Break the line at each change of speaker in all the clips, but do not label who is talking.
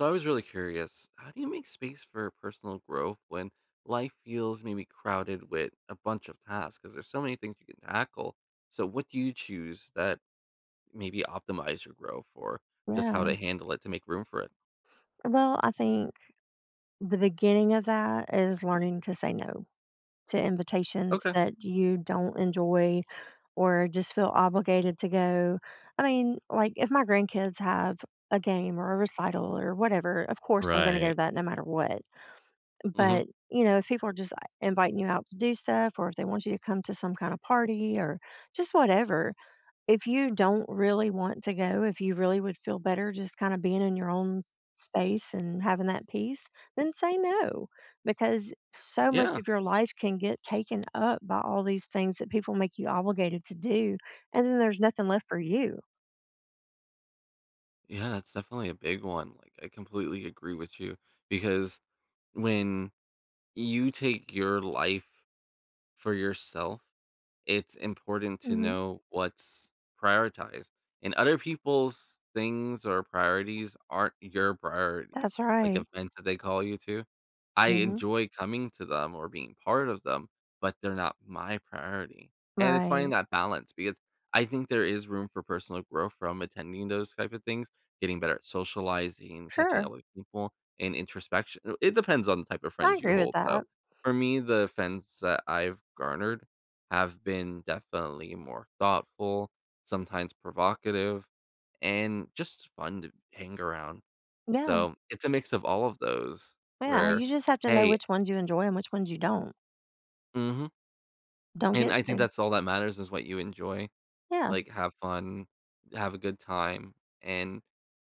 So, I was really curious, how do you make space for personal growth when life feels maybe crowded with a bunch of tasks ’cause there's so many things you can tackle. So, what do you choose that maybe optimize your growth for just how
Yeah.
to handle it to make room for it?
Well, I think the beginning of that is learning to say no, to invitations
Okay.
that you don't enjoy or just feel obligated to go, I mean, like, if my grandkids have a game or a recital or whatever, of course I'm gonna go
Right.
to that no matter what.
Mhm.
But, you know, if people are just like, inviting you out to do stuff or if they want you to come to some kind of party or just whatever, if you don't really want to go, if you really would feel better just kinda being in your own space and having that peace, then say no, because so much
Yeah.
of your life can get taken up by all these things that people make you obligated to do, and then there's nothing left for you.
Yeah, that's definitely a big one, like, I completely agree with you, because when you take your life for yourself, it's important to
Mhm.
know what's prioritized. And other people's things or priorities aren't your priority,
That's
like,
right.
events that they call you to. I
Mhm.
enjoy coming to them or being part of them, but they're not my priority, and it's finding
Right.
that balance, because I think there is room for personal growth from attending those type of things, getting better at socializing, catching
Sure.
up with people, and introspection it depends on the type of
I
friends you
agree with
hold,
that.
though. For me, the fends that I've garnered have been definitely more thoughtful, sometimes provocative, and just fun to hang around.
Yeah.
So, it's a mix of all of those
Yeah,
where
you just have to know
hey
which ones you enjoy and which ones you don't.
Mhm.
Don't
And
get
I think
so
that's all that matters is what you enjoy.
Yeah.
Like, have fun, have a good time, and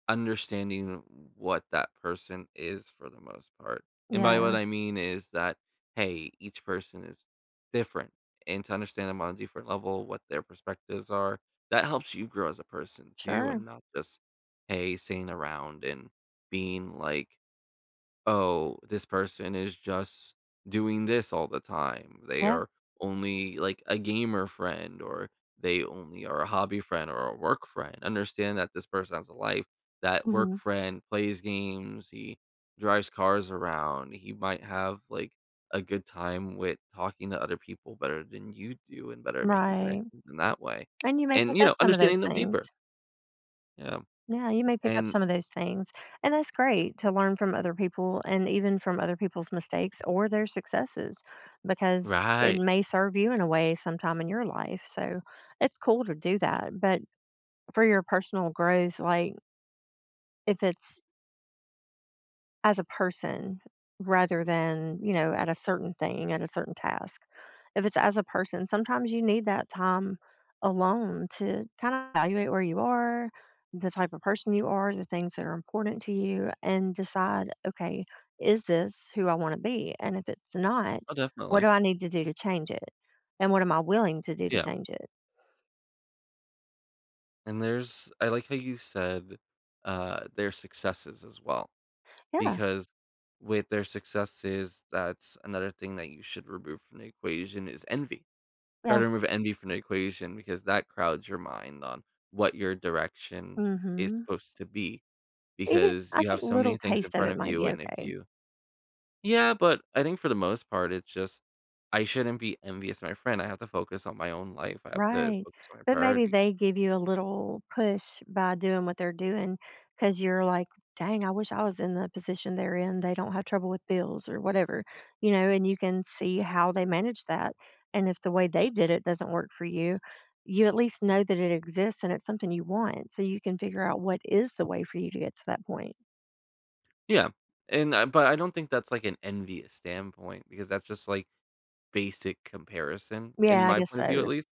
understanding w what that person is for the most part. And by what
Yeah.
I mean is that, hey, each person is different. And to understand them on a different level, what their perspectives are, that helps you grow as a person too, and
Sure.
not just, hey, sitting around and being, like, "Oh, this person is just doing this all the time. They
Yeah.
are only, like, a gamer friend, or they only are a hobby friend, or a work friend." Understand that this person has a life. That work
Mhm.
friend plays games, he drives cars around, he might have, like, a good time with talking to other people better than you do, and better at making
Right.
connections in that way.
And you may
And,
pick
you
up
know,
some of those
understanding them
things.
deeper. Yeah.
Yeah, you may pick up
And
some of those things. And that's great to learn from other people and even from other people's mistakes or their successes, because it
Right.
may serve you in a way sometime in your life, so it's cool to do that. But for your personal growth, like if it's as a person rather than, you know, at a certain thing, at a certain task. If it's as a person, sometimes you need that time alone to kinda evaluate where you are, the type of person you are, the things that are important to you, and decide, "Okay, is this who I wanna be?" And if it's not,
Oh,
what do
definitely.
I need to do to change it, and what am I willing to do to
Yeah.
change it?
And there's I like how you said, uh, their successes as well.
Yeah.
Because with their successes, that's another thing that you should remove from the equation is envy. Try to
Yeah.
remove envy from the equation because that crowds your mind on what your direction is
Mhm.
supposed to be
Even
because
I
you have
think
so
little
many things in
taste of
front
it
of
might
you.
be
and if
okay.
you Yeah, but I think for the most part, it's just I shouldn't be envious of my friend. I have to focus on my own life. I have to
Right,
focus on my
but maybe
priority.
they give you a little push by doing what they're doing, 'cause you're like, "Dang, I wish I was in the position they're in. They don't have trouble with bills or whatever." you know, and you can see how they manage that. And if the way they did it doesn't work for you, you at least know that it exists and it's something you want so you can figure out what is the way for you to get to that point.
Yeah, and, um, but I don't think that's, like, an envious standpoint because that's just, like, basic comparison in
Yeah. I
my
guess
point of view at
so.
least.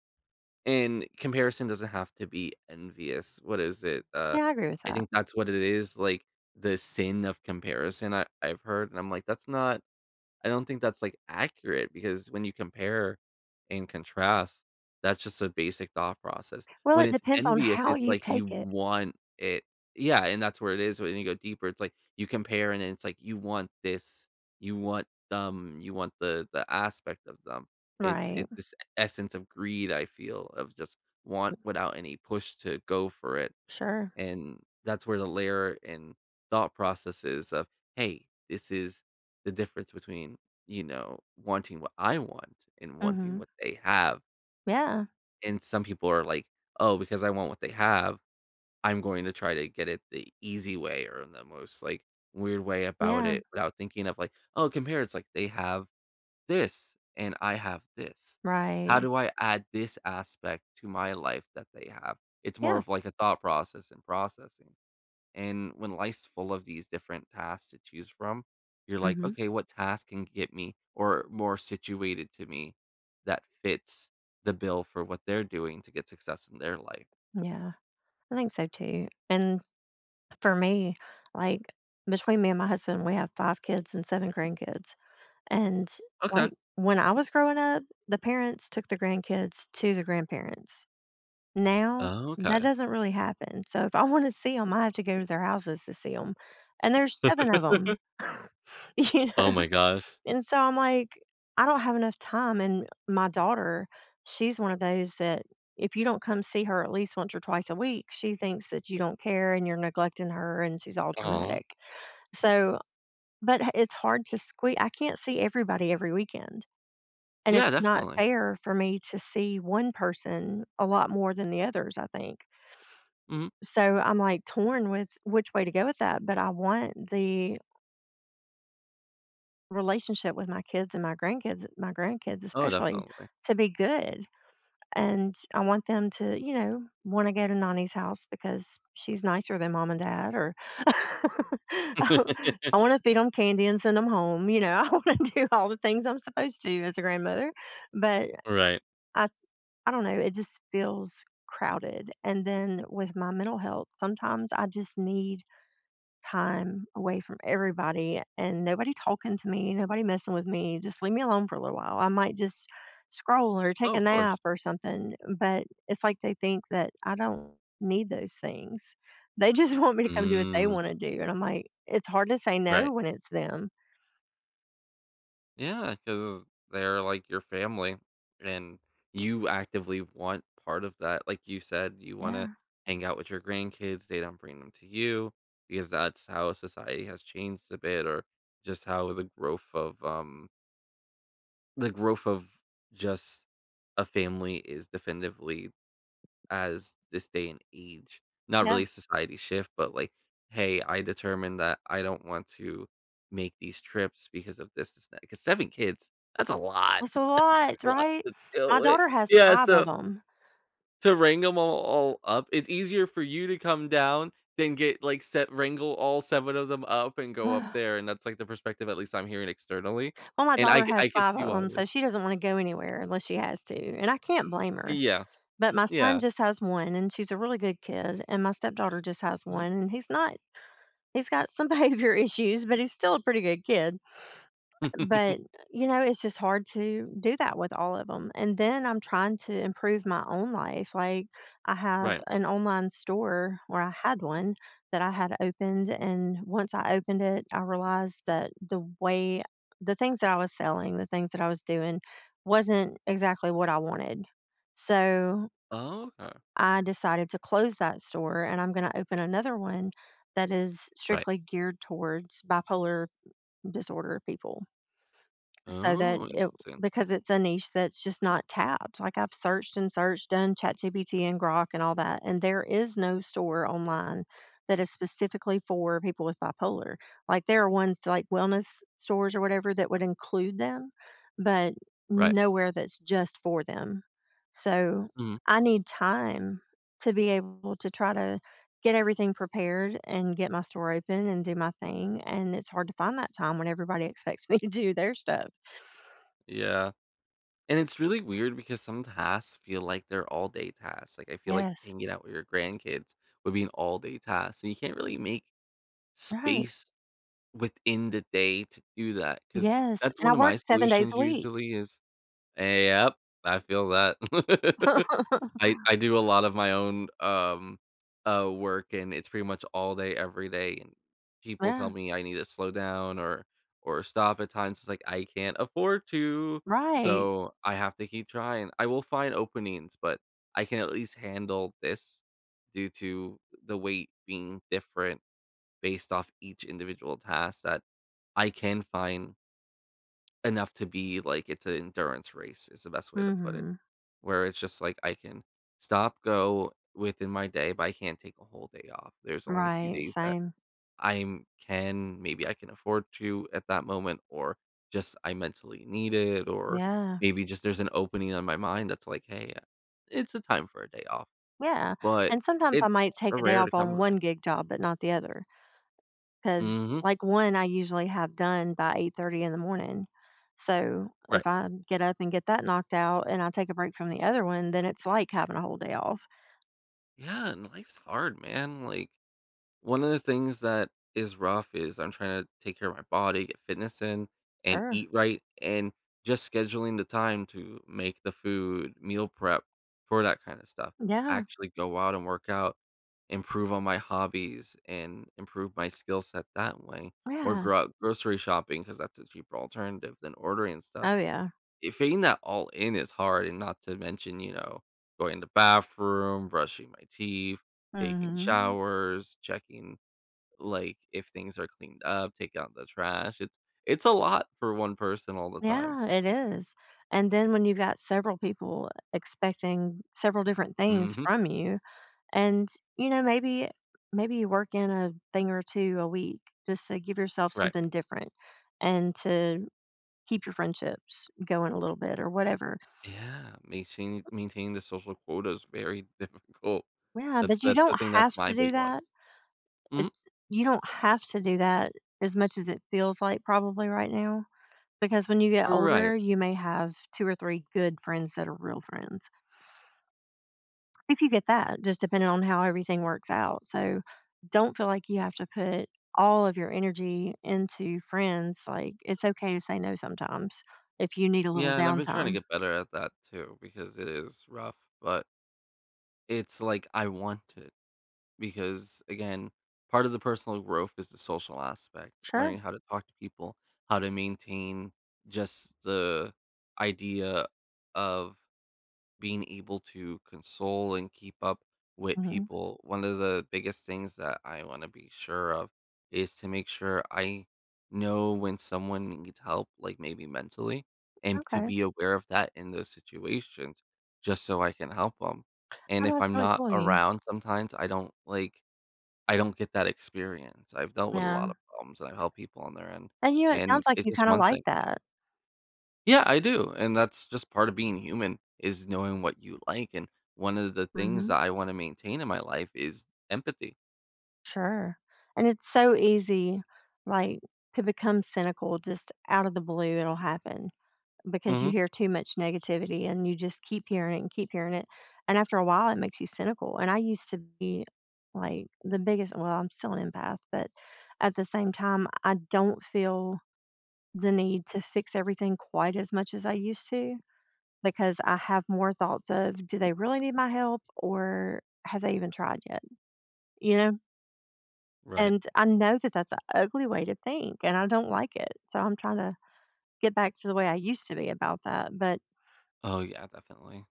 And comparison doesn't have to be envious. What is it? Uh,
Yeah. I agree with
I
that.
think that's what it is, like, the sin of comparison I I've heard. And I'm like, that's not I don't think that's, like, accurate because when you compare and contrast, that's just a basic thought process.
Well,
When
it
it's
depends on
envious,
how
it's
you
like you
take it.
want it Yeah, and that's where it is. When you go deeper, it's like you compare and then it's like you want this. You want them. You want the the aspect of them. It's
Right.
it's this essence of greed, I feel, of just want
Mm
without any push to go for it.
Sure.
And that's where the layer in thought processes of, "Hey. This is the difference between, you know, wanting what I want and wanting
Mhm.
what they have."
Yeah.
And some people are like, "Oh, because I want what they have, I'm going to try to get it the easy way, or the most, like, weird way about
Yeah.
it without thinking of, like, oh, compare" it's like, they have this, and I have this.
Right.
How do I add this aspect to my life that they have?" It's more
Yeah.
of, like, a thought process, and processing, and when life's full of these different tasks to choose from, you're like,
Mhm.
"Okay. What task can get me, or more situated to me that fits the bill for what they're doing to get success in their life?"
Yeah. I think so too, and, for me, like, between me and my husband, we have 5 kids and 7 grandkids, and,
Okay.
like, when I was growing up, the parents took the grandkids to the grandparents. Now, that
Okay.
doesn't really happen. So, if I wanna see 'em, I have to go to their houses to see 'em, and there's 7 of 'em, you
Oh,
know,
my gosh.
and, so, I'm like, "I don't have enough time." and my daughter, she's one of those that if you don't come see her at least once or twice a week, she thinks that you don't care, and you're neglecting her, and she's all
Aw.
dramatic. So, but it's hard to sque I can't see everybody every weekend, and
Yeah,
it's not
definitely.
fair for me to see 1 person a lot more than the others, I think
Mhm.
so, I'm, like, torn with which way to go with that, but I want the relationship with my kids and my grandkids my grandkids
Oh,
especially,
definitely.
to be good, and, I want them to, you know, wanna go to Nonnie's house because she's nicer than mom and dad, or, I wanna feed 'em candy and send 'em home, you know. I wanna do all the things I'm supposed to as a grandmother, but,
Right.
I I don't know. It just feels crowded, and then with my mental health, sometimes I just need time away from everybody, and nobody talking to me, nobody messing with me. Just leave me alone for a little while. I might just scroll, or take
Oh,
a
of
nap,
course.
or something, but it's like they think that I don't need those things. They just want me to come do what they
Mm.
wanna do, and I'm like, "It's hard to say
Right.
no when it's them."
Yeah 'cause they're like your family, and you actively want part of that. Like you said, you wanna
Yeah.
"hang out with your grandkids." They don't bring them to you, because that's how society has changed a bit, or just how the growth, um the growth of just a family is definitively as this day and age not
Yeah.
really society shift, but, like, "hey, I determined that I don't want to make these trips because of distance" 'cause 7 kids, that's a lot!
That's a
That's
lot,
a lot
right?
to deal
Our
with.
daughter has
Yeah,
5 of
so
‘em.
to wrangle ‘em all all up, it's easier for you to come down than get, like sev wrangle all 7 of them up and go up
Ugh.
there, and that's, like, the perspective at least I'm hearing externally,
Well, my
and, I
daughter
cou
has
I could
5
see
of
why
‘em,
it is.
so she doesn't wanna go anywhere, unless she has to, and I can't blame her,
Yeah.
but my son
Yeah
just has 1, and she's a really good kid, and my stepdaughter just has
Mhm.
1, and he's not he's got some behavior issues, but he's still a pretty good kid, but, y you know, it's just hard to do that with all of ‘em, and then I'm trying to improve my own life, like, I have
Right.
an online store well I had one that I had opened, and once I opened it, I realized that the way the things that I was selling, the things that I was doing wasn't exactly what I wanted, so
Oh, okay.
I decided to close that store, and I'm gonna open another one that is
Right.
strictly geared towards bipolar disorder people, so that
Oh,
it
interesting.
because it's a niche that's just not tapped, like, I've searched and searched, done ChatGPT and Grok and all that, and there is no store, online, that is specifically for people with bipolar, like, there are ones, like, wellness stores or whatever that would include them, but n
Right.
nowhere that's just for them, so
Mhm.
I need time to be able to try to get everything prepared and get my store open and do my thing, and it's hard to find that time when everybody expects me to do their stuff.
Yeah, and it's really weird because some tasks feel like they're all day tasks, like, I feel like
Yes.
hanging out with your grandkids would be an all day task, and you can't really make
Right.
space within the day to do that, 'cause
Yes,
that's
and I
one of my
work 7 days
solutions
a week!
usually is ey yep. I feel that! I I do a lot of my own, um, uh, work, and it's pretty much all day, every day, and people tell
Yeah.
me I need to "slow down" or or "stop" at times. It's like, "I can't afford to,"
Right!
so I have to keep trying. I will find openings, but I can, at least, handle this due to the weight being different based off each individual task that I can find enough to be like it's a endurance race, is the best way to put it,
Mhm.
where it's just like I can stop-go within my day, but I can't take a whole day off. There's only a few
Right,
days that
same.
I'm can maybe I can afford to, at that moment, or just I mentally need it, or
Yeah.
maybe just there's an opening on my mind that's like "hey, it's a time for a day off",
Yeah,
but
and sometimes I
it's
might take a day
rare to
off
come
on
by.
one gig job, but not the other, ‘cause,
Mhm.
like, one, I usually have done by 08:30 in the morning, so
Right.
if I get up and get that knocked out and I take a break from the other one, then it's like having a whole day off.
Yeah, and life's hard, man, like, one of the things that is rough is I'm tryna take care of my body, get fitness in, and
Er.
eat right, and just scheduling the time to make the food, meal prep for that kind of stuff.
Yeah.
Actually go out and work out, improve on my hobbies, and improve my skill set that way, or
Yeah.
grow out grocery shopping 'cause that's a cheaper alternative than ordering stuff.
Oh, yeah.
If being that all in is hard and not to mention, you know, going to bathroom, brushing my teeth, taking
Mhm.
showers, checking, like, if things are cleaned up, take out the trash. It's it's a lot for one person all the time.
Yeah, it is, and then when you've got several people expecting several different things
Mhm.
from you and, you know, maybe maybe you work in a thing or 2 a week just to give yourself
Right.
something different and to keep your friendships going a little bit or whatever.
Yeah. Maintain maintaining the social quota is very difficult.
Yeah,
That's
but you
that's I
don't
think that's
have
my
to do
big one.
that.
Mhm
It's you don't have to do that as much as it feels like probably right now, because when you get
Right.
older, you may have 2 or 3 good friends that are real friends. If you get that, just depending on how everything works out, so, don't feel like you have to put all of your energy into friends, like, it's okay to say no sometimes if you need a little
Yeah, and I've been tryna
downtime.
get better at that too because it is rough, but it's like I want to, because, again, part of the personal growth is the social aspect,
Sure.
learning how to talk to people, how to maintain just the idea of being able to console and keep up with
Mhm.
people. One of the biggest things that I wanna be sure of is to make sure I know when someone needs help, like, maybe mentally, and to
Okay.
be aware of that in those situations just so I can help 'em.
I
And
know
if
it's
I'm not
probably. [unintelligible]
around sometimes, I don't, like, I don't get that experience. I've dealt with a
Yeah.
lotta problems, and I help people on their end.
And, you know, it
And
sounds like you
it's
kinda
one
like
thing
that.
Yeah, I do, and that's just part of being human is knowing what you like and one of the things
Mhm.
that I wanna maintain in my life is empathy.
Sure. And it's so easy, like, to become cynical just out of the blue, it'll happen, because you
Mhm.
hear too much negativity, and you just keep hearing it and keep hearing it, and after a while, it makes you cynical. And I used to be, like, the biggest well, I'm still an empath, but at the same time, I don't feel the need to fix everything quite as much as I used to because I have more thoughts of, "Do they really need my help, or have they even tried yet?" You know?
Right.
And I know that that's a ugly way to think, and I don't like it, so I'm trying to get back to the way I used to be about that. But
Oh, yeah, definitely.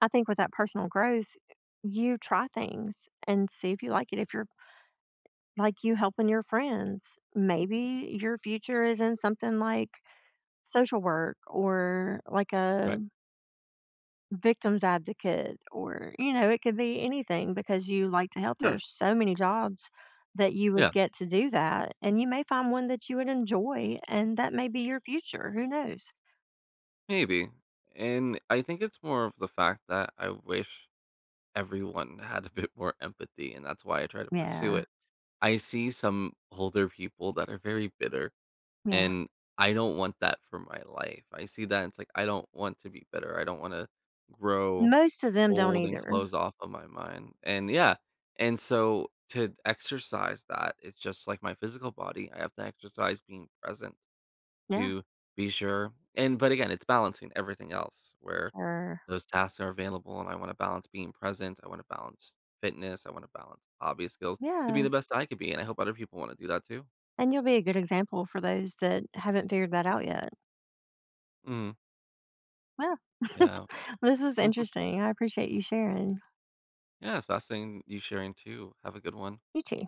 I think with that personal growth, you try things and see if you like it, if you're like you helping your friends, maybe your future is in something like social work or like a
Right.
victim's advocate or, you know, it could be anything because you like to help, there are
Yeah.
so many jobs that you would
Yeah.
get to do that, and you may find one that you would enjoy, and that may be your future. Who knows?
Maybe. And I think it's more of the fact that I wish everyone had a bit more empathy, and that's why I try to pursue
Yeah.
it. I see some older people that are very bitter,
Yeah.
and I don't want that for my life, I see that and it's like, I don't want to be bitter. I don't wanna grow
Most of them don't
old and
either.
close off of my mind, and yeah. And so to exercise that, it's just like my physical body, I have to exercise being present
Yeah.
to be sure and but, again, it's balancing everything else, where
Sure.
those tasks are available, and I wanna balance being present. I wanna balance fitness. I wanna balance hobby skills to be
Yeah.
the best I could be, and I hope other people wanna do that too.
And you'll be a good example for those that haven't figured that out yet.
Mm.
Yeah,
Yeah.
this is
Mhm.
interesting. I appreciate you sharing.
Yeah, it's fascinating you sharing too. Have a good one.
You too.